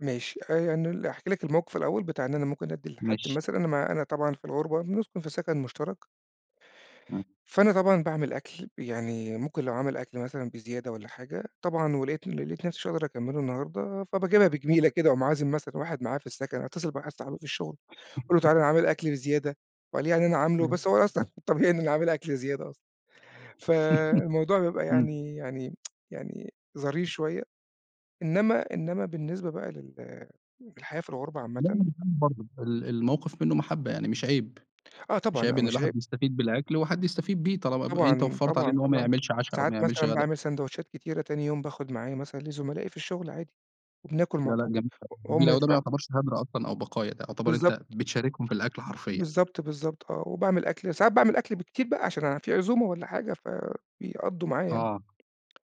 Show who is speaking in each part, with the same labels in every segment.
Speaker 1: ماشي. آآ أنا ل أحكي لك الموقف الأول بتاع إن أنا ممكن أدّي لحد
Speaker 2: ماشي.
Speaker 1: مثلًا أنا ما أنا طبعًا في الغُربة بنسكُن في سَكَن مُشترَك.
Speaker 2: إمم.
Speaker 1: فأنا طبعًا باعمل أكل، يعني ممكن لو عامل أكل مثلًا بزيادة والّا حاجة، طبعًا ولقيت ل لقيت نفسي مش هاقدر أكمّله النهارده، فباجيبها بجميلة كده وأقوم عازم مثلًا واحد معايا في السَكَن، أتّصل بواحد صاحبي في الشغل أقول له: "تعالَ أنا عامل أكل بزيادة،" وقال يعني أنا عامل له،
Speaker 2: ماشي.
Speaker 1: بس هو أصلًا طبيعي إن أنا عامل أكل زيادة أصلًا. فالموضوع بيبقى
Speaker 2: إمم.
Speaker 1: يعني يعني يعني ظريف شوية. إنّما إنّما بالنسبة بقى لل للحياة في الغربة
Speaker 2: مهما
Speaker 1: عامةً
Speaker 2: كان برضه ال ال الموقف منّه محبّة يعني مش عيب.
Speaker 1: آه
Speaker 2: مش
Speaker 1: طبعًا،
Speaker 2: عيب
Speaker 1: لأ
Speaker 2: إن
Speaker 1: مش عيب.
Speaker 2: الواحد يستفيد بالأكل وحد يستفيد بيه طالما أنت
Speaker 1: طبعًا،
Speaker 2: وفّرت عليه
Speaker 1: طبعًا،
Speaker 2: إنه هو ما
Speaker 1: طبعًا.
Speaker 2: يعملش عَشا أو ما
Speaker 1: ساعات
Speaker 2: يعملش
Speaker 1: مثلًا
Speaker 2: غدا.
Speaker 1: باعمل ساندويتشات كتيرة تاني يوم باخُد معايا مثلًا لزملائي في الشغل عادي، وبناكُل
Speaker 2: لأ،
Speaker 1: مع
Speaker 2: لأ
Speaker 1: بعض
Speaker 2: جميل أوي،
Speaker 1: و
Speaker 2: جميل
Speaker 1: وهُم
Speaker 2: أوي. ده ما
Speaker 1: يفرحوا.
Speaker 2: يعتبرش هَدْر أصلًا أو بقايا، ده يعتبر
Speaker 1: بالضبط.
Speaker 2: أنت بتشاركهم في الأكل
Speaker 1: ب
Speaker 2: حرفيًا.
Speaker 1: بالضبط، بالضبط آه. وباعمل أكل ساعات باعمل أكل بكتير بقى عشان أنا في عزومة والّا حاجة فبيقضّوا معايا يعني.
Speaker 2: آه.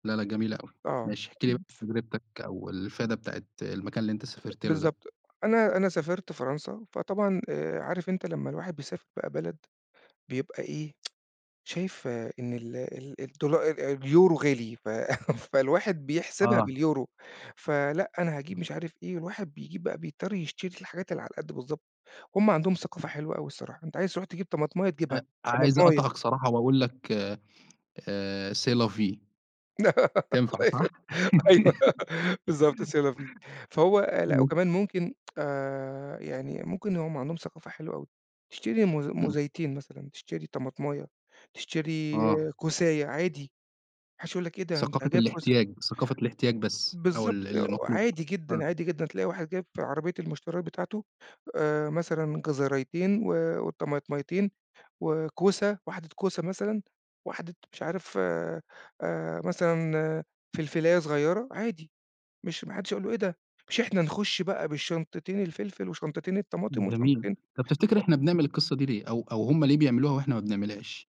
Speaker 2: لأ، لأ جميلة أوي.
Speaker 1: آه.
Speaker 2: ماشي، احكِ لي ب
Speaker 1: [unintelligible]
Speaker 2: تجربتك أو الفايدة بتاعة المكان اللي أنت سافرت له ده.
Speaker 1: بالضبط. أنا أنا سافرت فرنسا، فطبعًا آآ عارف أنت لمّا الواحد بيسافر بقى بلد بيبقى إيه، شايف إن ال ال الدولا ال اليورو غالي، ف فالواحد بيحسبها
Speaker 2: آه.
Speaker 1: باليورو، فلأ أنا هاجيب
Speaker 2: [unintelligible]
Speaker 1: مش عارف إيه، الواحد بيجيب بقى بيضطر يشتري الحاجات اللي على القد بالضبط. هم عندهم ثقافة
Speaker 2: [unintelligible]
Speaker 1: حلوة أوي الصراحة، أنت عايز تروح تجيب طماطماية تجيبها،
Speaker 2: أ عايز
Speaker 1: طماطماية.
Speaker 2: أقاطعك صراحة وأقول لك آآ C'est la vie. تنفع
Speaker 1: الله
Speaker 2: صح؟
Speaker 1: يخلّي. أيوه بالضبط C'est la vie. فهو لأ
Speaker 2: إمم.
Speaker 1: وكمان ممكن آآ يعني ممكن هم عندهم ثقافة حلوة أوي، تشتري موز
Speaker 2: إمم.
Speaker 1: موزَيتين مثلًا، تشتري طماطماية، تشتري
Speaker 2: آه.
Speaker 1: كوساية عادي، ما حَدّش هيقول لك إيه ده؟ أنت
Speaker 2: ثقافة
Speaker 1: جايب كوسة.
Speaker 2: الاحتياج، ثقافة الاحتياج بس أو ال
Speaker 1: بالضبط.
Speaker 2: ال اللي مطلوب،
Speaker 1: وعادي
Speaker 2: آه.
Speaker 1: جدًا، عادي جدًا. تلاقي واحد جايب في عربية المشتريات بتاعته آآ مثلًا جزريتين و وطماطميتين وكوسة، واحدة كوسة مثلًا، واحدة مش عارف آآ مثلًا فلفلاية صغيرة عادي، مش ما حدّش هيقول له إيه ده؟ مش إحنا نخُش بقى بالشنطتين الفلفل وشنطتين الطماطم
Speaker 2: جميل.
Speaker 1: وشنطتين
Speaker 2: طَب تفتكر
Speaker 1: أ
Speaker 2: إحنا بنعمل القصّة دي ليه؟ أو أو هم ليه بيعملوها وإحنا ما بنعملهاش؟